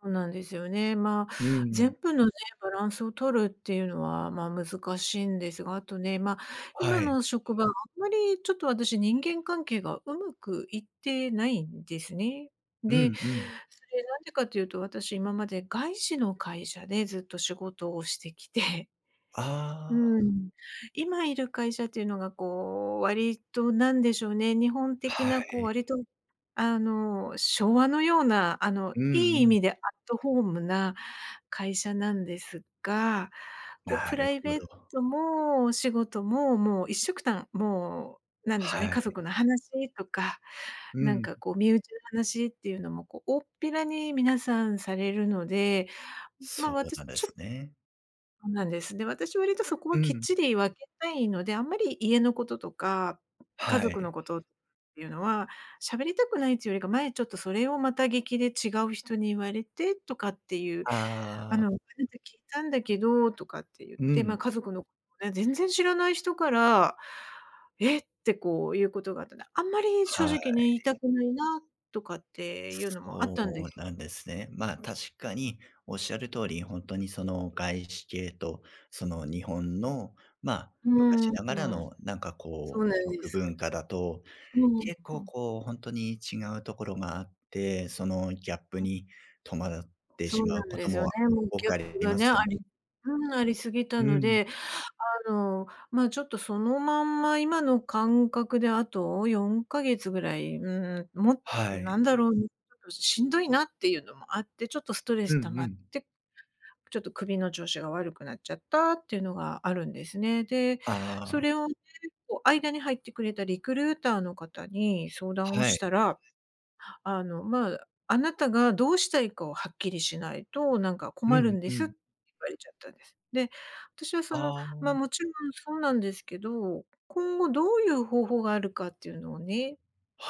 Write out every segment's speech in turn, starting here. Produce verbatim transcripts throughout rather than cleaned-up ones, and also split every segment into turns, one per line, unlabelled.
そうなんですよね。ま、
うんうん。
全部のね、バランスを取るっていうのは、ま、難しんですが、あとね、ま、
は
今
い。
の職場、あんまりちょっと私人間関係がうまくいってないんですね。
う
で、
ん、うん。
それなんでかというと、私今まで外資の会社でずっと仕事をしてきてう
ああ。
ーん、今いる会社っていうのがこう、割となんでしょうね、日本的
は
なこう、
い。
割とあの、昭和のような、あの、
う
い
ん
い意
うん。
味でアットホームな会社なんですが、こう
な
プ
る
ライ
ほ
ベー
ど。
トもお仕事も、もう一緒くたん、もう何でしょうね、
は
家
い。
族の話とか、
う
なん
ん。
かこう身内の話っていうのも、こう大っぴらに皆さんされるので、ま、
そう
私
なんで
ちょ
す
っ
ね。
そうなんです。で、私は割とそこ
う
はきっ
ん。
ちり分けたいので、あんまり家のこととか、家
は
族
い。
のことっていうのは、しゃべりたくないちゅよりか、前ちょっとそれをまた聞きで違う人に言われてとかっていう「あ
ああ。
の、こないだ聞いたんだけど」とかってゆっ
う
て、ま、
ん。
家族のぜ全然知らない人から「えっ！」て、こうゆうことがあったんで、あんまり正
は
直ね、言いた
い。
くないなとかっていうのもあったんで
そう
す。
なんですね。ま、確かにおっしゃる通り、ほんとにその、外資系とその、日本の、ま、
う
昔
ん、
ながら
うん、
のなんか
そう
こう、
なんで
職
す。
文化だと、
うん、
結構
はい。
こうほんとに違うところがあって、そのギャップに戸惑って
そ
し
う
ま
な
う
ん
こ
で
と
すよ
もあ
ね、もう
多
ギャッ
かれあ
プ
り
が
ま
ね、
すよ
あり
ね。
うん、ありすぎた
う
の
ん。
で、あの、ま、ちょっとそのまんま今のかんかくであとよんかげつぐらい、うーん、も
は
な
い。
んだろう、ん、ちょっとしんどいなっていうのもあって、ちょっとストレ
うん
ス溜ま
う
っ
ん。
て、ちょっと首の調子が悪くなっちゃったっていうのがあるんですね。で、
あ
そ
あ。
れをね、こう、間に入ってくれたリクルーターの方に相談を
は
し
い。
たら、あの、まあ、「あなたがどうしたいかをはっきりしないと、なんか
う
困る
ん、
ん
う
です」っ
ん。
て言われちゃったんです。で、私はその
あ
ま、
あ。
もちろんそうなんですけど、今後どういう方法があるかっていうのをね、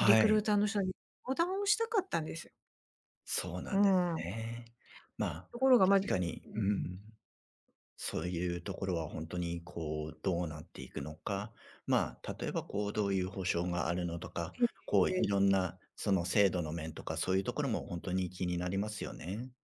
リクル
い。
ーターの人に相談をしたかったんです。
そうな
う
んです
ん。
ね。まあ、
ところが、ま
確
ずん
かに、うん、そういうところはほんとにこうどうなっていくのか、まあ、例えばこう、どういう保証があるのとか、こう、い
え。
ろんなその、制度の面とかそういうところもほんとに気になりますよね。